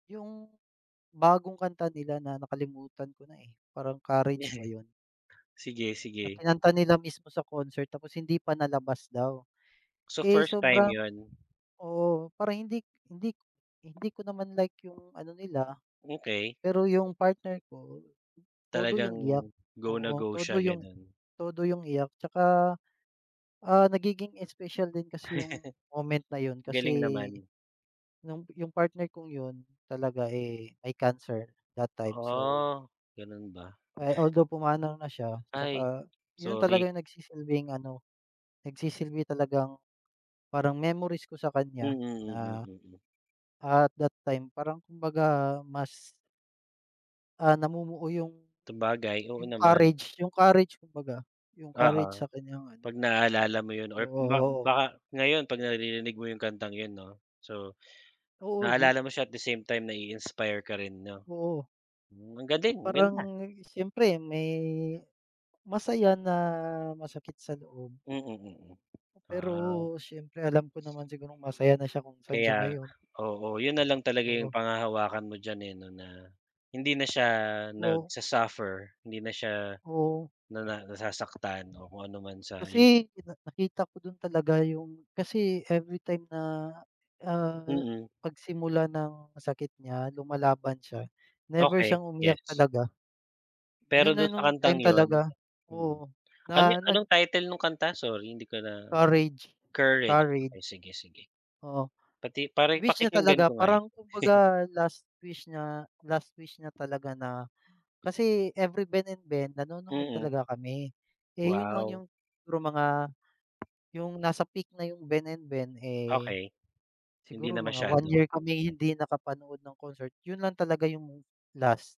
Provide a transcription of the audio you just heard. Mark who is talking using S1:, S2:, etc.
S1: Yung bagong kanta nila na, nakalimutan ko na, eh, parang Courage ba 'yon?
S2: Sige,
S1: Na
S2: sige.
S1: kinanta nila mismo sa concert, tapos hindi pa nalabas daw.
S2: So,
S1: Eh,
S2: first time
S1: sobrang
S2: 'yon?
S1: oo, para hindi hindi hindi ko naman like yung ano nila.
S2: Okay.
S1: Pero yung partner ko, todo yung iyak,
S2: Talagang, go na
S1: oo,
S2: go siya,
S1: todo yung
S2: gano'n.
S1: todo yung iyak tsaka, ah, nagiging special din kasi yung moment na 'yon kasi,
S2: Galing naman.
S1: no'ng yung partner kong 'yon, talaga, eh, may cancer, that time, so
S2: Ah, gano'n ba?
S1: Eh, although pumanaw na siya,
S2: Ay,
S1: tsaka 'yon talaga
S2: sorry.
S1: yung nagsisilbing ano, nagsisilbi talagang, parang memories ko sa
S2: Mm,
S1: kanya
S2: mm,
S1: na,
S2: mm.
S1: at that time, parang kumbaga mas Ah, namumuo yung
S2: Sabagay, oo
S1: yung
S2: naman.
S1: courage, yung courage, kumbaga, yung courage
S2: Oo,
S1: sa kanyang ano
S2: 'pag naalala mo 'yon
S1: Oo,
S2: or ba
S1: oo.
S2: baka ngayon, 'pag naririnig mo yung kantang 'yon 'no? So,
S1: Oo, 'di
S2: naalala mo siya, at the same time, nai-inspire ka rin, 'no?
S1: Oo.
S2: Hmm, ang galing, ang
S1: Parang,
S2: ganda.
S1: siyempre, may masaya na, masakit sa loob.
S2: Mm, mm,
S1: Pero,
S2: ah.
S1: siyempre, alam ko naman sigurong masaya na siya, kung saan siya
S2: Kaya
S1: ngayon.
S2: oo, 'yon na lang talaga
S1: Oo.
S2: yung panghahawakan mo diyan eh, 'no, na, hindi na siya
S1: O
S2: nagsa-suffer, hindi na siya,
S1: Oo.
S2: na nasasaktan, o kung anuman sa hin
S1: Kasi, pina nakita ko din talaga, yung kasi everytime na, ah,
S2: Mm.
S1: pagsimula ng sakit niya, lumalaban siya, never
S2: Okay,
S1: siyang umiyak
S2: gets.
S1: talaga.
S2: Pero,
S1: 'Yon na
S2: do'n sa
S1: no'ng
S2: kantang
S1: time
S2: 'yon
S1: talaga,
S2: mm,
S1: oo,
S2: ano
S1: na nag
S2: anong title no'ng kanta? Sorry hindi ko na
S1: Courage,
S2: Courage,
S1: Courage.
S2: ay, sige, sige.
S1: Oo,
S2: Pati para
S1: wish niya
S2: pakikinggan
S1: talaga,
S2: ko nga 'yon.
S1: parang kumbaga, last wish niya last wish niya talaga na kasi every Ben&Ben, nanonood
S2: Mm.
S1: talaga kami. Eh, 'yon lang
S2: Wow.
S1: yung, siguro mga yung nasa peak na yung Ben&Ben eh,
S2: Okay. Hindi
S1: siguro
S2: na
S1: mga 1
S2: masyado.
S1: year kaming hindi nakapanood ng concert, 'yon lang talaga yung last.